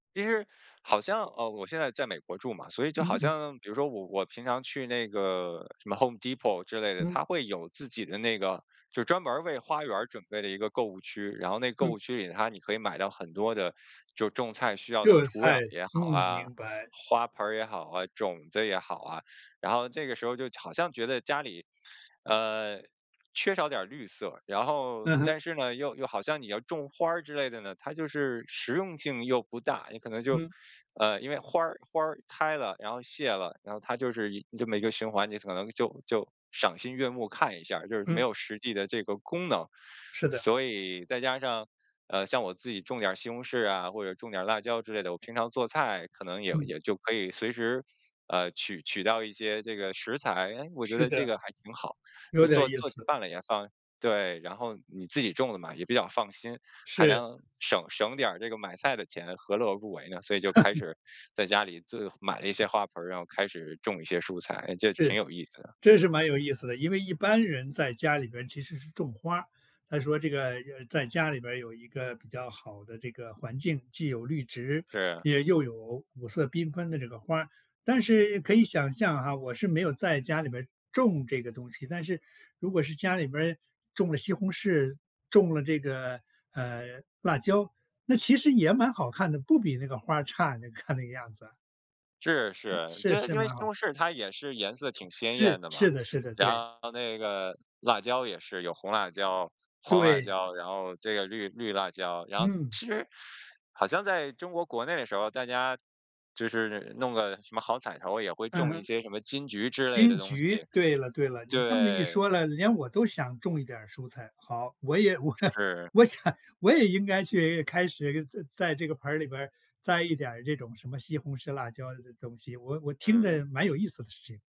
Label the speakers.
Speaker 1: 其实好像呃，我现在在美国住嘛，所以就好
Speaker 2: 嗯嗯。
Speaker 1: 像比如说我我平常去那个，什么 Home Depot 之类的，
Speaker 2: 嗯。
Speaker 1: 它会有自己的那个就专门儿为花园儿准备的一个购物区。然后那个购
Speaker 2: 嗯。
Speaker 1: 物区里，它你可以买到很多的，就种菜需要的
Speaker 2: 热的
Speaker 1: 土壤
Speaker 2: 菜，
Speaker 1: 也
Speaker 2: 嗯，
Speaker 1: 好啊，
Speaker 2: 明白。
Speaker 1: 花盆儿也好啊，种子也好啊。然后这个时候就好像觉得家里，呃缺少点儿绿色。然后
Speaker 2: 嗯哼。
Speaker 1: 但是呢，又又好像你要种花儿之类的呢，它就是实用性又不大，你可能就
Speaker 2: 嗯。
Speaker 1: 呃因为花儿花儿开了，然后谢了，然后它就是一这么一个循环，你可能就就赏心悦目看一下儿，就是没
Speaker 2: 嗯。
Speaker 1: 有实际的这个功能。
Speaker 2: 是的。
Speaker 1: 所以，再加上，呃，像我自己种点儿西红柿啊，或者种点儿辣椒之类的，我平常做菜可能也
Speaker 2: 嗯。
Speaker 1: 也就可以随时，呃取取到一些这个食材。诶，我觉
Speaker 2: 是
Speaker 1: 得这
Speaker 2: 的。
Speaker 1: 个还挺好，就
Speaker 2: 有点儿
Speaker 1: 做
Speaker 2: 意
Speaker 1: 做起
Speaker 2: 思。
Speaker 1: 饭来也方对，然后你自己种的嘛，也比较放心，还
Speaker 2: 是。
Speaker 1: 能省省点儿这个买菜的钱，何乐而不为呢？所以就开 始在家里这买了一些花盆儿，然后开始种一些蔬菜，就挺
Speaker 2: 是。
Speaker 1: 有意思的。
Speaker 2: 这是蛮有意思的，因为一般人在家里边其实是种花儿，他说这个，呃，在家里边有一个比较好的这个环境，既有绿植
Speaker 1: 是。
Speaker 2: 也又有五色缤纷的这个花儿。但是可以想象啊，我是没有在家里面儿种这个东西，但是如果是家里面儿种了西红柿，种了这个，呃，辣椒，那其实也蛮好看的，不比那个花儿差，你看那个样子。
Speaker 1: 是是。
Speaker 2: 是
Speaker 1: 对，
Speaker 2: 是
Speaker 1: 因为
Speaker 2: 蛮
Speaker 1: 西
Speaker 2: 好。
Speaker 1: 红柿它也是颜色挺鲜艳
Speaker 2: 是，
Speaker 1: 的嘛，
Speaker 2: 是的是的，
Speaker 1: 然
Speaker 2: 对。
Speaker 1: 后那个辣椒也是有红辣椒、黄辣
Speaker 2: 对。
Speaker 1: 椒，然后这个绿绿辣椒，然后
Speaker 2: 嗯。
Speaker 1: 其实好像在中国国内的时候，大家就是弄个什么好彩头，也会
Speaker 2: 嗯
Speaker 1: 种一
Speaker 2: 哼。
Speaker 1: 些什么金桔之类的
Speaker 2: 金
Speaker 1: 东西，
Speaker 2: 桔，对了对了，你这么一
Speaker 1: 对。
Speaker 2: 说了，连我都想种一点儿蔬菜。好，我也我
Speaker 1: 是。
Speaker 2: 我想我也应该去开始在在这个盆儿里边儿，栽一点儿这种什么西红柿、辣椒的东西，我我听
Speaker 1: 嗯。
Speaker 2: 着蛮有意思的事情。